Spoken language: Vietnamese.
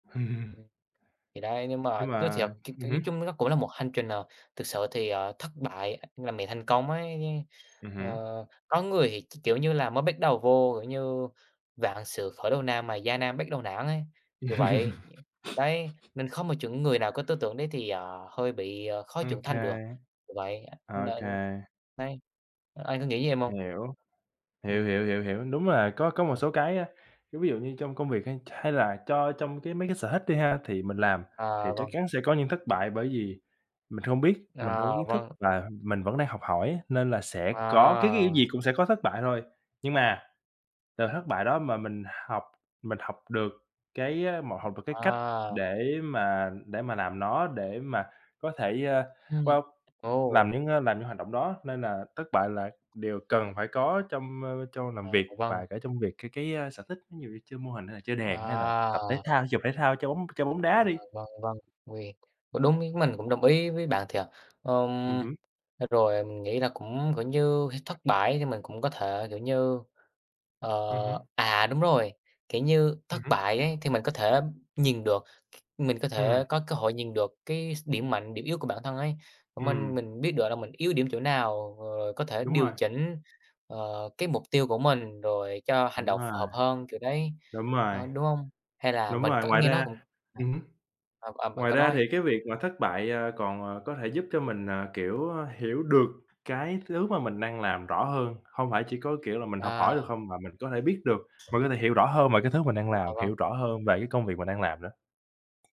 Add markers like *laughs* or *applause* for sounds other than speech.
*chuckles* Thì đấy, nhưng Nhưng mà nói mà thiệt, ch ch ừm nói hứm. chung nó cũng là một hành trình, ờ, thực sự thì, ờ, thất bại, ờ, là mẹ thành công ấy, Ừm ờ, hứm. có người thì, kiểu, kiểu, như là mới bắt đầu vô, kiểu như, vạn sự khởi đầu nan mà gian nan bắt đầu nản ấy, kiểu vậy. *laughs* Đấy, *sniffs* nên không một chuẩn người nào có tư tưởng đấy thì, ờ, hơi bị, ờ, khó trưởng OK. thành được, kiểu vậy, OK. nên đấy, anh có nghĩ như em hông? Hiểu. Hiểu, Ừm. hiểu, hiểu, hiểu, đúng là có có một À. số cái, á, cái ví dụ như trong công việc hay hay là cho trong cái mấy cái sở thích đi ha, thì mình làm thì À, chắc vâng. chắn sẽ có những thất bại bởi vì mình không biết, mình đâu À, có kiến thức vâng. là mình vẫn đang học hỏi á, nên là sẽ có cái cái, kiểu À. gì, cũng sẽ có thất bại thôi. Nhưng mà, từ thất bại đó mà mình học mình học được cái, a, một học được cái cách À. để mà để mà làm nó để mà có thể, a, Ừm. wow, làm Ồ. những, a, làm những hoạt động đó nên là thất bại là đều cần phải có trong, ơ, trong làm À, việc vâng. và cả trong việc cái cái, a, sở thích, ví dụ như chơi mô hình hay là chơi đàn hay là tập thể À. thao, thể dục, thể thao, chơi bóng chơi bóng đá À, đi. vâng, vâng, uầy, đúng, ý mình cũng đồng ý với bạn thiệt, Ừm ừm, hứm. à, rồi mình nghĩ là cũng, kiểu như, phải thất bại thì mình cũng có thể, kiểu như, ờ Ừm hứm. à, đúng rồi, kiểu như, Ừm thất hứm. bại ấy, thì mình có thể nhìn được, c mình có Ừm. thể có cơ hội nhìn được cái s điểm mạnh, điểm yếu của bản thân ấy, minh Ừm. mình biết được là mình yếu điểm chỗ nào, rồi có thể Đúng điều rồi. chỉnh, ờ, cái mục tiêu của mình, rồi cho hành Đúng động rồi, phù hợp hơn, kiểu đấy, đúng rồi, ơ, đúng hông? Hay là đúng mình rồi, cẩn ngoài nghe nó ra cũng ừm hứm, à, à, bạn ngoài cứ ra nói đi. thì cái việc mà thất bại, ờ, còn, à, có thể giúp cho mình, à, kiểu, hiểu được cái thứ mà mình đang làm rõ hơn, hông phải chỉ có, kiểu, là mình học hỏi được À. không? Mà mình có thể biết được, mình có thể hiểu rõ hơn về cái thứ mà mình đang À, làm, vâng. hiểu rõ hơn về cái công việc mà mình đang làm nữa.